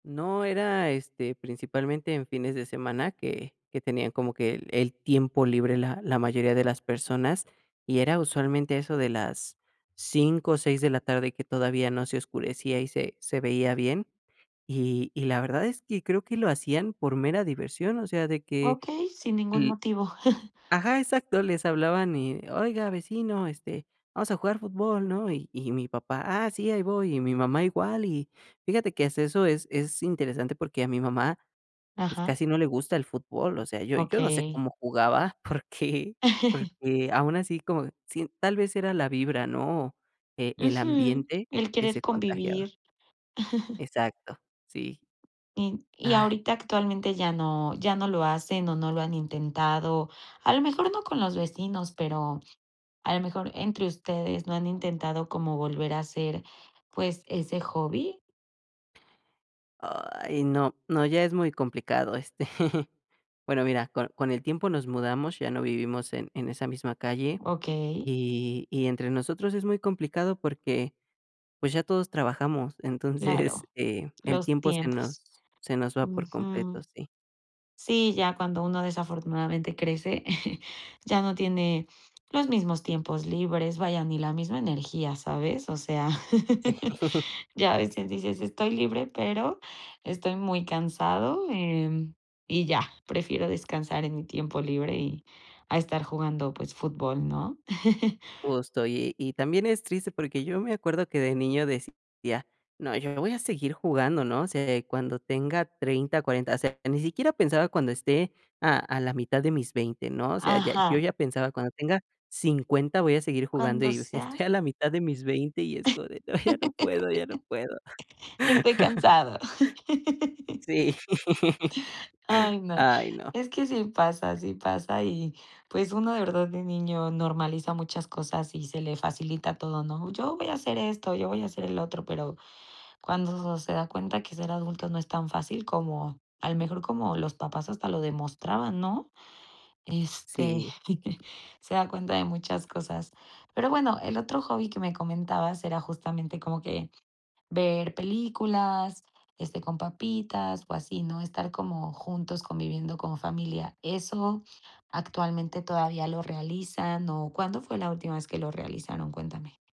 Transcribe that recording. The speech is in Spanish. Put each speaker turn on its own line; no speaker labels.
No era, este, principalmente en fines de semana que que tenían como que el el tiempo libre la la mayoría de las personas, y era usualmente a eso de las 5, o 6 de la tarde, que todavía no se oscurecía y se se veía bien. Y y la verdad es que creo que lo hacían por mera diversión, o sea, de que
Okey, sin ningún
el
motivo.
ajá, exacto, les hablaban: "Eh, oiga, vecino, este, vamos a jugar fútbol", ¿no? Y y mi papá: "Ah sí, ahí voy", y mi mamá igual, y fíjate que hasta eso es es interesante porque a mi mamá, pues,
Ajá.
casi no le gusta el fútbol, o sea, yo yo no sé
Okey.
cómo jugaba, porque porque aún así como sien tal vez era la vibra, ¿no? E el
Ujú.
ambiente
El
que
querer
se contagiaba.
convivir.
Exacto, sí.
Y y
Ay
ahorita, actualmente, ya no ya no lo hacen, o, no lo han intentado, a lo mejor no con los vecinos, pero a lo mejor entre ustedes, ¿no han intentado como volver a hacer, pues, ese hobby?
Ay, no, no, ya es muy complicado, este, bueno, mira, con con el tiempo nos mudamos, ya no vivimos en en esa misma calle.
Okey.
Y y entre nosotros es muy complicado porque, pues, ya todos trabajamos, entonces,
Claro,
eh, el
los
tiempo se
tiempos.
nos se nos va por completo,
Ujú.
sí.
Sí, ya cuando uno desafortunadamente crece, ya no tiene los mismos tiempos libres, vaya, ni la misma energía, ¿sabes? O sea,
Sí.
ya a veces dices: “Estoy libre, pero estoy muy cansado”, em, y ya, "prefiero descansar en mi tiempo libre y a estar jugando, pues, fútbol", ¿no?
Justo, y y también es triste porque yo me acuerdo que de niño decía: "No, yo voy a seguir jugando," ¿no? O sea, cuando tenga 30, 40,, o sea, ni siquiera pensaba cuando esté a a la mitad de mis 20, ¿no? O sea, ya yo
Ajá.
ya pensaba: "Cuando tenga 50 voy a seguir jugando,"
Cuando
y
sea
estoy a la mitad de mis 20, y estoy de: "Ay, ya no puedo, ya no puedo".
Estoy cansado.
Sí.
Ay, no.
Ay, no.
Es que sí pasa, sí pasa, y, pues, uno, de verdad, de niño normaliza muchas cosas y se le facilita todo, ¿no? Yo voy a hacer esto, yo voy a hacer el otro, pero cuando s s se da cuenta que ser adulto no es tan fácil como, a lo mejor, como los papás hasta lo demostraban, ¿no? Este,
Sí.
se da cuenta de muchas cosas. Pero, bueno, el otro hobby que me comentabas era justamente como que ver películas, este, con papitas, o así, ¿no? Estar como juntos, conviviendo como familia. ¿Eso actualmente todavía lo realizan, o, cuándo fue la última vez que lo realizaron? Cuéntame.